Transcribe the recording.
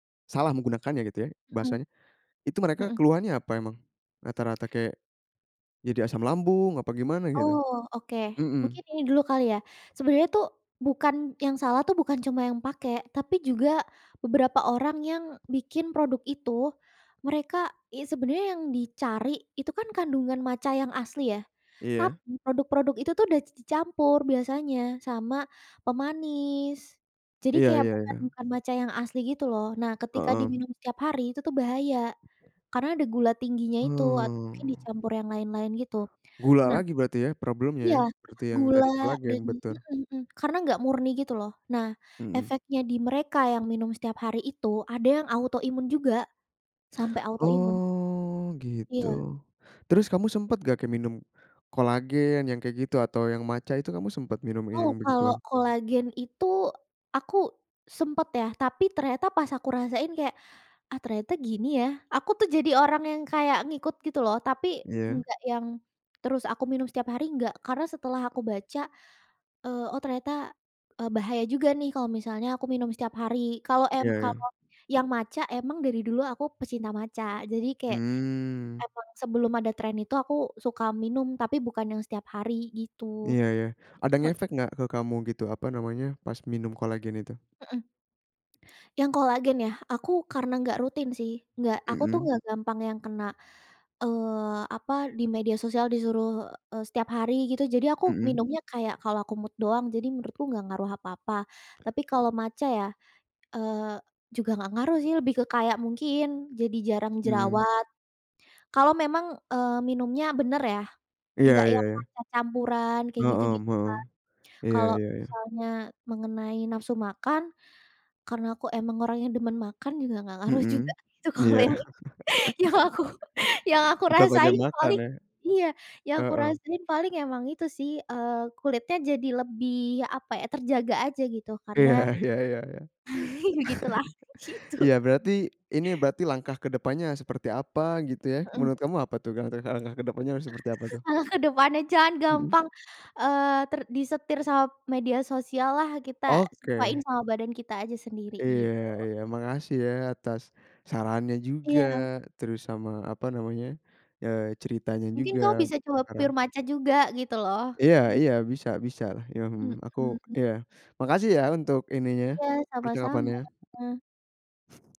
Salah menggunakannya gitu ya, Mhm. bahasanya. Itu mereka Mhm. keluhannya apa emang? Rata-rata kayak jadi asam lambung apa gimana gitu? Oh, oke. Mhm. Mungkin ini dulu kali ya, sebenarnya tuh bukan yang salah tuh bukan cuma yang pakai, tapi juga beberapa orang yang bikin produk itu mereka ya sebenarnya yang dicari itu kan kandungan matcha yang asli ya, Iya. tapi produk-produk itu tuh udah di dicampur biasanya sama pemanis. Jadi Iya kayak iya bukan iya. bukan matcha yang asli gitu loh, nah ketika Heeh. diminum setiap hari itu tuh bahaya, karena ada gula tingginya itu atau mungkin Hmm. dicampur yang lain-lain, gitu. Gula Nah lagi berarti ya problemnya iya, ya, seperti yang gula tadi dan kolagen, juga betul. heeh heeh, karena nggak murni gitu loh, nah Mhm. efeknya di mereka yang minum setiap hari itu ada yang autoimun juga, sampai autoimun. Oh gitu, Iya. terus kamu sempet nggak kek minum kolagen yang kayak gitu atau yang matcha, itu kamu sempet minum ini Oh, yang kalau begituan? kolagen itu aku sempet ya tapi ternyata pas aku rasain kayak, ah ternyata gini ya. Aku tuh jadi orang yang kayak ngikut gitu loh, tapi Iya. enggak yang terus aku minum setiap hari enggak, karena setelah aku baca, eee, oh ternyata, eee, bahaya juga nih kalau misalnya aku minum setiap hari. Kalau em Iya iya. kalau yang matcha emang dari dulu aku pecinta matcha, jadi kayak Mmm. emang sebelum ada tren itu aku suka minum tapi bukan yang setiap hari gitu. Iya iya, ada He i ngefek nggak ke kamu gitu, apa namanya, pas minum kolagen itu? Heeh. Yang kolagen ya, aku karena nggak rutin sih. Nggak aku tuh Mhm. nggak gampang yang kena, eee, apa, di media sosial disuruh, eee, setiap hari gitu. Jadi aku Mhm. minumnya kayak kalau aku mood doang, jadi menurutku nggak ngaruh apa-apa. Tapi kalau matcha ya, eee, juga nggak ngaruh sih lebih ke kayak mungkin jadi jarang Mhm. jerawat. Kalau memang, eee, minumnya bener ya, Iya nggak iya yang iya. matcha campuran kayak Mhm, gitu-gitu kan. mhm. Iya Kalau iya iya. misalnya mengenai nafsu makan, karena aku emang orangnya demen makan juga nggak ngaruh juga Mhm. itu kalau Iya. yang itu, yang aku yang aku Tetap banyak rasain makan paling ya. iya, yang aku Heeh. rasain paling emang itu sih, eee, kulitnya jadi lebih, apa ya, terjaga aja gitu karena, Iya iya iya iya. begitulah, gitu. Iya berarti, ini berarti langkah kedepannya seperti apa gitu ya, Mhm. menurut kamu apa tuh gang terus langkah kedepannya harus seperti apa tuh? Malah kedepannya jangan Mhm. gampang, eee, ter disetir sama media sosial lah kita, sesuain Oke. sama badan kita aja sendiri, Iya gitu. iya. Makasih ya atas sarannya juga. Iya. Terus sama, apa namanya, ya ceritanya Mungkin juga kau bisa coba sekarang. pure matcha juga, gitu loh. Iya Iya. iya, bisa bisa lah, mhm, aku Mhm. iya. Makasih ya untuk ininya Iya, sama-sama. percakapannya.